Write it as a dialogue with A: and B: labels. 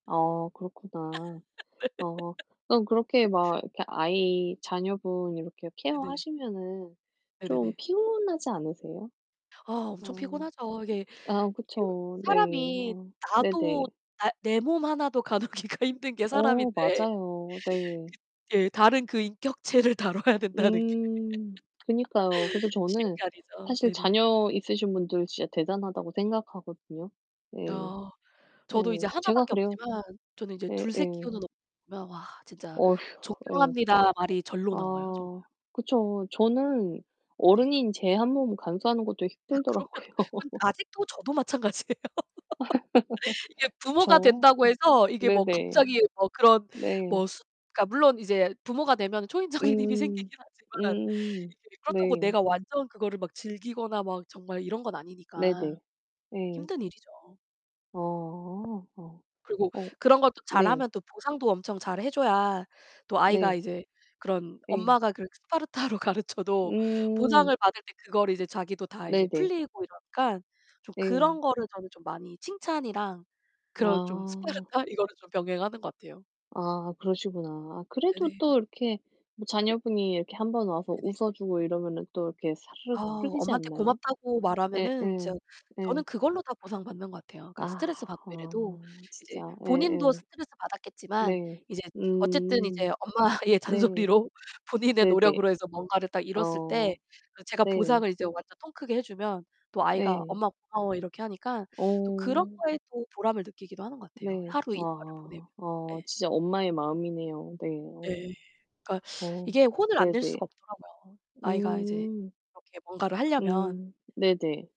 A: 어 그렇구나. 어 그럼 그렇게 막 이렇게 아이 자녀분 이렇게
B: 네네.
A: 케어하시면은 좀
B: 네네네.
A: 피곤하지 않으세요?
B: 아
A: 아
B: 엄청 피곤하죠. 이게
A: 아
B: 여
A: 그쵸. 네.
B: 사람이
A: 아 네 네.
B: 나도 나 내 몸 하나도 가누기가 힘든 게
A: 어
B: 사람인데.
A: 맞아요. 네.
B: 그 예. 다른 그 인격체를 다뤄야 된다는 게
A: 음 그니까요. 그래서
B: 쉬운
A: 저는
B: 게 아니죠.
A: 사실
B: 네네.
A: 자녀 있으신 분들 진짜 대단하다고 생각하거든요. 예.
B: 어. 저도 이제
A: 예.
B: 1
A: 제가
B: 밖에
A: 그래요.
B: 없지만 저는 인제
A: 예,
B: 2-3
A: 예.
B: 키우는 엄마들 보면 와 진짜
A: 어휴. 예.
B: "존경합니다." 말이 절로 나와요 정말.
A: 아 그쵸. 저는
B: 네네.
A: 어른인 제 한 몸 감수하는 것도
B: 아 그러면 그건
A: 힘들더라고요.
B: 아직도 저도 마찬가지예요.
A: 아
B: 이게 부모가
A: 그쵸.
B: 된다고 해서 이게 뭐
A: 네네.
B: 갑자기 뭐 그런
A: 네.
B: 뭐 숫 그러니까 물론 이제 부모가 되면 초인적인 힘이
A: 음.
B: 생기긴 하지만
A: 음.
B: 이게 그렇다고
A: 네.
B: 내가 완전 그거를 막 즐기거나 막 정말 이런 건 아니니까
A: 네네. 예.
B: 힘든 일이죠.
A: 어. 어.
B: 그리고
A: 어
B: 그런 것도
A: 네.
B: 잘하면 또 보상도 엄청 잘해 줘야 또 아이가
A: 네.
B: 이제 그런
A: 예.
B: 엄마가 그런 스파르타로 가르쳐도
A: 음.
B: 보상을 받을 때 그거를 이제 자기도 다
A: 네
B: 이제
A: 네.
B: 풀리고 이러니까 좀 그런
A: 네.
B: 거를 저는 좀 많이 칭찬이랑 그런 좀
A: 아
B: 스파르타 이거를 좀 병행하는 것 같아요.
A: 아 그러시구나. 아 그래도
B: 네네.
A: 또 이렇게 뭐 자녀분이 이렇게 한번 와서
B: 네네.
A: 웃어주고 이러면은 또 이렇게
B: 아.
A: 사르륵 풀리지
B: 엄마한테
A: 않나요?
B: 고맙다고
A: 예.
B: 말하면은
A: 예.
B: 진짜
A: 예.
B: 저는 그걸로 다 보상받는 것 같아요. 그러니까
A: 아.
B: 스트레스 받고 이래도
A: 아. 진짜,
B: 이제
A: 예
B: 본인도
A: 예.
B: 스트레스 받았겠지만
A: 네.
B: 이제 어쨌든
A: 음.
B: 이제 엄마의
A: 네.
B: 잔소리로 본인의
A: 네네.
B: 노력으로 해서 뭔가를 딱 이뤘을 때
A: 어.
B: 그 제가
A: 네.
B: 보상을 이제 완전 통 크게 해주면 또 아이가
A: 예.
B: "엄마 고마워." 이렇게 하니까 또 그런
A: 어.
B: 거에 또 보람을 느끼기도 하는 것 같아요.
A: 네.
B: 하루 일과를 보내면.
A: 아. 아
B: 예.
A: 진짜 엄마의 마음이네요. 네. 어.
B: 예. 그러니까
A: 어
B: 이게 혼을 안
A: 네
B: 낼
A: 네.
B: 수가 없더라고요. 아이가 이제
A: 음.
B: 이렇게 뭔가를 하려면.
A: 음 네 네.